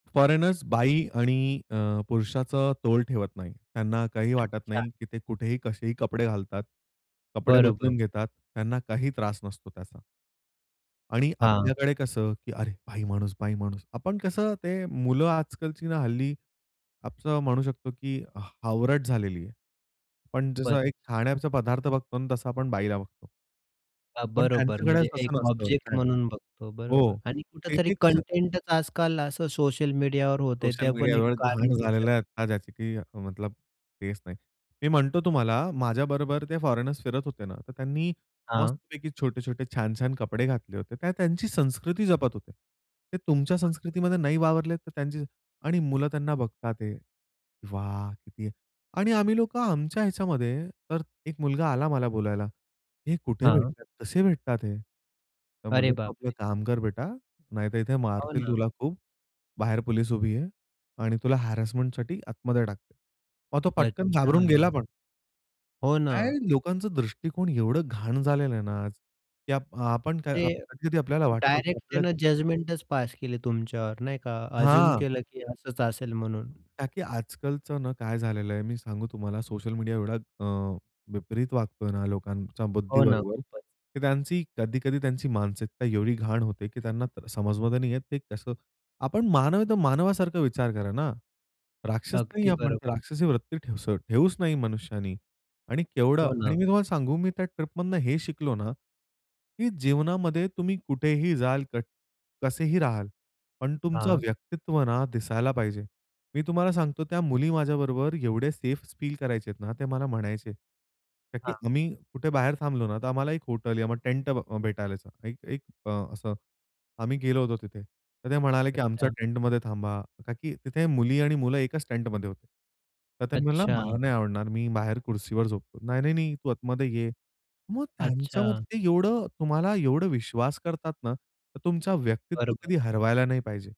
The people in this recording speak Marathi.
फोरेनर्स बाई आणि अ, पुरुषाचा तोल ठेवत नाही. त्यांना काही वाटत अच्छा. नाही, की ते कुठेही कसेही कपडे घालतात, कपडे बरोबर. बदलून घेतात, त्यांना काही त्रास नसतो त्याचा. आणि हां. आपल्याकडे कसं की "अरे बाई माणूस, बाई माणूस." आपण कसं ते मुलं आजकालची ना हल्ली असं म्हणू शकतो की ह हावरट झालेली आहे. पण खूपचं. जसं एक खाण्याचा पदार्थ बघतो आणि तसं आपण बाईला बघतो. हां. पण बरोबर. त्यांच्याकडेच म्हणजे तसं एक नसतं. ऑब्जेक्ट काय? म्हणून बघतो बरोबर हो. आणि कुठेतरी तेथे कसं कंटेंटच आजकाल असं सोशल मीडियावर होतंय सोशल ते पण एक मीडियावर कारण घाण असू शकतो. झालेला आहे आता ज्याची की मतलब तेच नाही. मी म्हणतो तुम्हाला, माझ्याबरोबर ते फॉरेनर्स फिरत होते ना, तर त्यांनी हां. मस्तपैकी छोटे-छोटे, छान-छान कपडे घातले होते. ते त्यांची संस्कृती जपत होते. ते तुमच्या बरोबर. संस्कृतीमध्ये नाही वावरले तरी त्यांची आणि मुलं त्यांना बघतात आहे, "वाह किती." आणि आम्ही लोकं आमच्या ह्याच्यामध्ये. तर एक मुलगा आला मला बोलायला, "हे कुठे हां. भेटतात? कसे भेटतात हे?" तर अरे म्हटलं, "तू आपलं बापरे! काम कर बेटा, नाहीतर इथे हो मारतील ना. तुला खूप. बाहेर पोलीस उभी आहे आणि तुला हॅरेसमेंटसाठी आतमध्ये टाकतील." मग तो पटकन घाबरून गेला अच्छा. पण. हो काय ना. लोकांचा दृष्टिकोण एवढं घाण झालेलं आहे ना आज की आप आपण काय ते आप कधी-कधी आपल्याला वाटतं की डायरेक्ट आपल्या त्यानं जजमेंटच पास केली तुमच्यावर नाही का अझ्युम हां. केलं की असंच असेल म्हणून. ताकी आजकालचं ना, काय झालेलं आहे मी सांगू तुम्हाला, सोशल मीडिया एवढा अ, विपरीत वागतोय ना लोकांच्या हो ना. बुद्धीबरोबर खूपचं. तर त्यांची कधी-कधी त्यांची मानसिकता एवढी घाण होते की त्यांना अ, समजमध्ये नाही येत ते कसं. आपण मानव आहे तर मानवासारखा विचार करा ना. राक्षस नाही अगदी आहे आपण. बरोबर. राक्षसी वृत्ती ठेस ठेवूच नाही मनुष्याने आणि केवढं हो ना. आणि मी तुम्हाला सांगू, मी त्या ट्रिपमधून हे शिकलो ना, की जीवनामध्ये तुम्ही कुठेही जाल, क कसेही राहाल पण तुमचं हां. व्यक्तित्व ना दिसायला पाहिजे. मी तुम्हाला सांगतो त्या मुली माझ्याबरोबर एवढं सेफ फील करायच्यात ना, ते मला म्हणायचे. ताकी हां. आम्ही कुठे बाहेर थांबलो ना, तर आम्हाला एक हॉटेल या मग टेंट ब अ, भेटालाच. एक एक अ, असं आम्ही गेलो होतो तिथे, तर ते म्हणाले की "आमच्या अच्छा. टेंटमध्ये थांबा." ताकी तिथे मुली आणि मुलं एकच टेंटमध्ये होते. तर तो म्हणाला, अच्छा. "मला नाही आवडणार मी बाहेर खुर्चीवर झोपतो." "नाही, नाही, नाही, तू आतमध्ये ये." मग अच्छा. त्यांच्यामध्ये एवढं, तुम्हाला एवढा विश्वास करतात ना, तर तुमचं व्यक्तित्व बरोबर. कधी हरवायला नाही पाहिजे.